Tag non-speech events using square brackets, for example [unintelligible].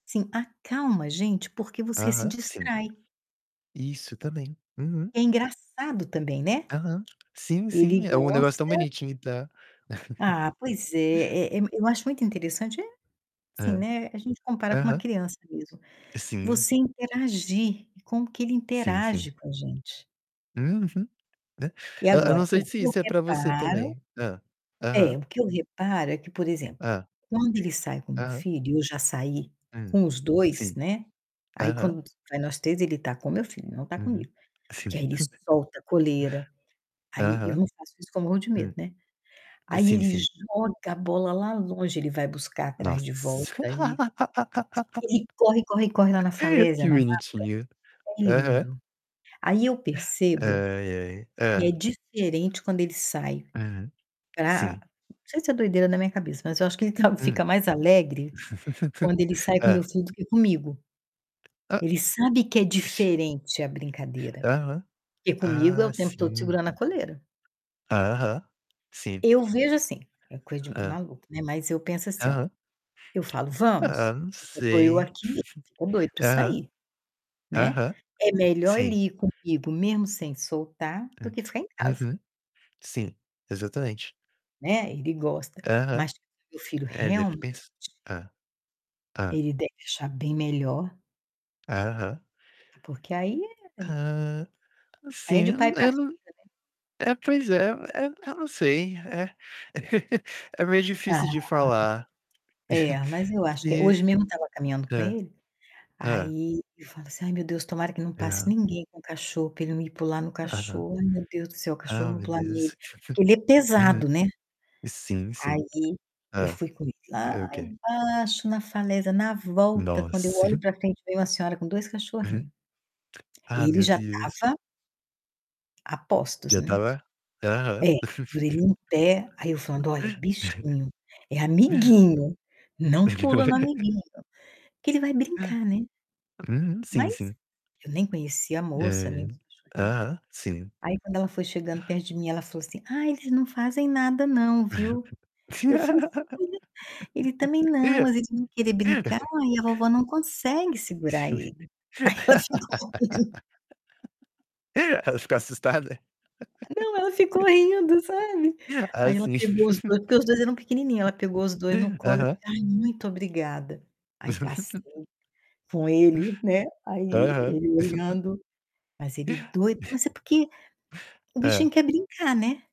Sim, acalma a gente, porque você se Aham, sim. distrai. Isso, também. Uhum. É engraçado também, né? Aham. Sim, Ele sim, é um negócio tão gosta bonitinho e tá [chuckles] Ah, pois é, é é eu acho muito interessante é assim, É. né, a gente compara com uma Aham. criança mesmo, Sim. você interagir e como que ele Sim, sim. interage com a gente. Uhum. De e E eu não agora, sei o se que eu isso é pra você reparo também Hã, é, aham. o que eu reparo é que, por exemplo, Hã. quando ele sai com meu Aham. filho, e eu já saí Hum, com os 2, sim. né. Aí, Aham. quando s vai nós 3, ele tá com meu filho, não tá Uhum. comigo. Sim. Porque aí ele [chuckles] solta a coleira, aí eu Aham. não faço isso que eu morro de medo, Hum. né. Aí Sim, ele sim. joga a bola lá longe, ele vai buscar atrás de volta Nossa! e [laughs] ele corre, corre, corre lá na falésia, Que na mata. bonitinho. É Aham. lindo. Aí eu percebo Ai, ai. que é Hã. diferente quando ele sai Uhum. pra Sim. não sei se é doideira da minha cabeça, mas eu acho que ele tá Hum. fica mais alegre [chuckles] quando ele sai com meu Hã. filho do que comigo. Hã. Ele sabe que é Vixe. diferente a brincadeira. Aham. Porque comigo é Ah, o tempo todo sim. segurando a coleira. Aham. Sim. Eu vejo assim, é coisa de Hã. maluco, né, mas eu penso assim ó, Aham. eu falo: Ah, "Vamos". não E só tô eu sei. aqui, ficou doido [chuckles] pra Aham. sair, né. Aham. É melhor Sim. ele ir comigo mesmo sem soltar, do É. que ficar em casa. Uhum. Sim, exatamente. Né, ele gosta. Aham. Mas meu filho É, deve realmente pens Hã. Hã. ele deve achar bem melhor. Aham. Ah, porque aí é Hã, aí é de sim, pai hum, pra eu filho, n né? é, pois é, é eu não sei, é. [chuckles] É meio Ah. difícil de falar. É, mas [chuckles] eu acho que Que hoje mesmo eu tava caminhando com hã. ele, Hã. aí eu falo assim: "Ai, meu Deus, tomara que não passe Aham. ninguém com cachorro pra ele não ir pular no Aham. cachorro. Ai meu Deus do céu, o cachorro Ah, não meu pular nele". Deus. Porque ele é [chuckles] Uhum. pesado, né. Sim, Aí sim. eu Hã. fui com ele É, lá ok. embaixo, na falésia. Na volta, quando eu Nossa! olho pra [chuckles] frente, vem uma senhora com 2 Uhum. cachorrinho. Ah, Ele meu já Deus! tava a postos, Já né. tava Aham. É, as orelhinha em pé. Aí eu falando: "Olha, [laughs] bichinho, é amiguinho. Não pula no [laughs] amiguinho". Que ele vai brincar, né? Uhum. Sim, Mas sim. eu nem conhecia a Ah, moça, nem é. os cachorrinhos. Aham, sim. Aí quando ela foi chegando perto de mim, ela falou assim: "Ai, eles não fazem nada não, viu?". Eu falei assim: [unintelligible] "Ele também não, mas ele vão querer brincar [laughs] e a vovó não consegue segurar [laughs] ele". Aí ela ficou rindo. Ela ficou assustada? Não, ela ficou rindo, sabe. [laughs] Ah, Aí ela sim. pegou os 2, porque os 2 eram pequenininho, ela pegou os [laughs] 2 no colo e disse: Aham. "Ai, muito obrigada". Aí passei [laughs] com ele, né. Aí Aham. ele [chuckles] olhando. Mas ele doido mas é [chuckles] porque o bichinho Hã. quer brincar, né?